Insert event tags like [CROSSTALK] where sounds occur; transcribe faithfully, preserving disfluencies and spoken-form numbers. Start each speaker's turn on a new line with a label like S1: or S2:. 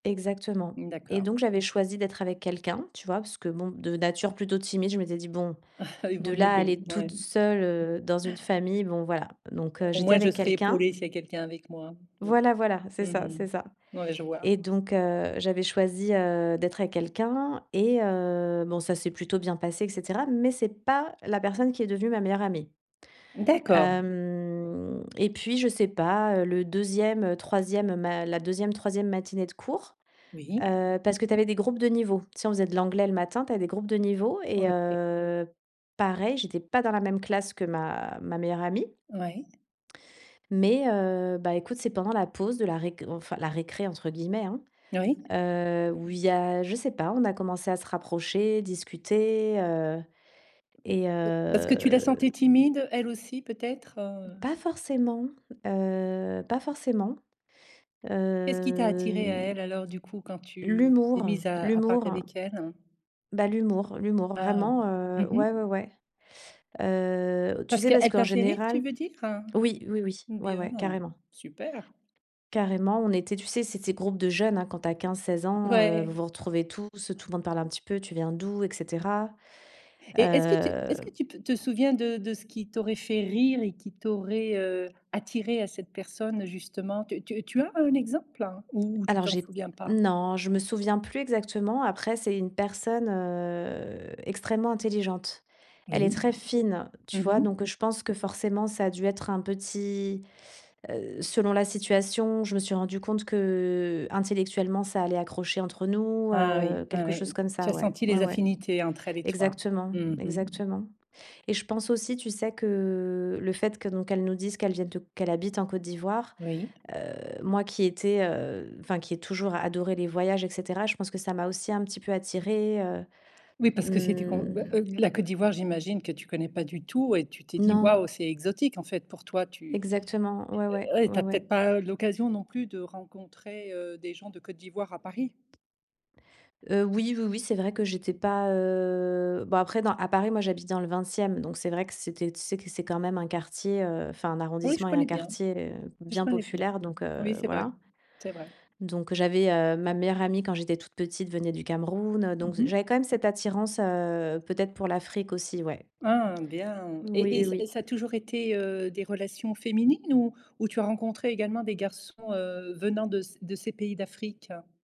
S1: Exactement et
S2: D'accord.
S1: donc j'avais choisi d'être avec quelqu'un, tu vois, parce que bon, de nature plutôt timide, je m'étais dit: «Bon,
S2: Ah, il vaut
S1: de
S2: mieux
S1: là, à
S2: que
S1: aller
S2: ouais.
S1: toute seule, heu, dans une famille, bon voilà». Donc heu,
S2: Au
S1: j'étais
S2: moins, je
S1: avec
S2: serai
S1: quelqu'un
S2: épaulée s'il y a quelqu'un avec moi. Donc
S1: voilà, voilà, c'est
S2: mmh
S1: ça, c'est
S2: mh.
S1: ça
S2: Ouais, je vois.
S1: et donc heu, j'avais choisie, heu, d'être avec quelqu'un et heu, bon, ça s'est plutôt bien passé, et cetera. Mais c'est pas la personne qui est devenue ma meilleure amie.
S2: D'accord.
S1: Hem et puis je sais pas, heu, le deuxième, troisième, ma la deuxième, troisième matinée de cours,
S2: Oui.
S1: heu parce que tu avais des groupes de niveau. Tu sais, on faisait de l'anglais le matin, tu avais des groupes de niveau
S2: Ouais,
S1: et
S2: OK.
S1: heu, pareil, j'étais pas dans la même classe que ma ma meilleure amie
S2: Ouais.
S1: mais, heu, bah, écoute, c'est pendant la pause de la réc enfin, «la récré», entre guillemets, hein?
S2: Oui.
S1: Heu, où il y a je sais pas, on a commencé à se rapprocher, discuter, heu et
S2: [UNINTELLIGIBLE] Parce que tu la
S1: heu
S2: sentais timide, elle aussi peut-être, heu?
S1: Pas forcément, heu, pas forcément,
S2: Qu'est-ce qui t'a attiré à
S1: heu
S2: elle, alors du coup, quand tu t'es
S1: l'humour,
S2: mise à à parler
S1: l'humour.
S2: avec elle?
S1: Bah, l'humour, l'humour,
S2: Ah.
S1: vraiment, heu.
S2: Mmh
S1: Ouais, ouais,
S2: mh.
S1: ouais. Heu, tu
S2: Parce
S1: sais, parce
S2: qu'elle
S1: qu'en
S2: t'a fait rire, tu
S1: général
S2: veux dire?
S1: oui, oui, oui. Ouais,
S2: Bien.
S1: ouais. Carrément
S2: Super.
S1: carrément, on était tu sais, c'est ces groupe de jeunes, hein, quand tu as quinze-seize ans, heu, vous
S2: Ouais.
S1: vous retrouvez tous, tout le monde parle un petit peu, tu viens d'où? Et cetera.
S2: Et est-ce que tu
S1: Heu
S2: est-ce que tu p te souviens de de ce qui t'aurait fait rire et qui t'aurait, heu, attiré à cette personne justement? Tu tu tu as un exemple? Ou tu
S1: Alors
S2: t'en
S1: j'ai
S2: souviens pas?
S1: non, je me souviens plus exactement. Après, c'est une personne, heu, extrêmement intelligente. Elle est
S2: Oui.
S1: très fine,
S2: Mmh
S1: tu vois? Donc
S2: mh.
S1: je pense que forcément, ça a dû être un petit, heu selon la situation, je me suis rendue compte qu'intellectuellement, ça allait accrocher entre nous.
S2: Ah
S1: Heu,
S2: oui. Ouais,
S1: quelque
S2: ouais.
S1: chose comme
S2: Tu
S1: ça,
S2: as
S1: ouais.
S2: senti
S1: Ouais,
S2: les
S1: ouais.
S2: affinités entre elle et toi?
S1: Exactement,
S2: Mmh mh.
S1: exactement et je pense aussi, tu sais que le fait que donc, qu'elle nous disent qu'elles viennent de qu'elle habite en Côte d'Ivoire,
S2: Oui.
S1: heu, moi qui étais, heu enfin, qui ai toujours adoré les voyages et cetera, je pense que ça m'a aussi un petit peu attiré, heu,
S2: Oui, parce que c'était com
S1: hem
S2: heu, la Côte d'Ivoire j'imagine que tu connais pas du tout et tu t'es dit:
S1: Non.
S2: «Waouh, c'est exotique», en fait pour toi, tu
S1: Exactement. Ouais, ouais,
S2: ouais, tu
S1: ouais,
S2: as
S1: ouais.
S2: peut-être pas l'occasion non plus de rencontrer, heu, des gens de Côte d'Ivoire à Paris?
S1: Heu, oui, oui, oui, c'est vrai que j'étais pas, heu bon après, à Paris, moi, j'habite dans le vingtième, donc c'est vrai que c'était tu sais que c'est quand même un quartier, heu enfin un
S2: Oui, je
S1: arrondissement et un
S2: connais bien,
S1: quartier
S2: je
S1: bien
S2: connais bien
S1: populaire, donc heu,
S2: oui, c'est vrai,
S1: voilà
S2: c'est vrai.
S1: donc j'avais, heu, ma meilleure amie quand j'étais toute petite, venait du Cameroun.
S2: Mmh
S1: Donc
S2: mh.
S1: j'avais quand même cette attirance, heu, peut-être pour l'Afrique aussi, ouais.
S2: Ah, bien
S1: Oui,
S2: et
S1: oui,
S2: et
S1: oui.
S2: ça a toujours été, heu, des relations féminines? Ou ou tu as rencontré également des garçons, heu, venant de c de ces pays d'Afrique?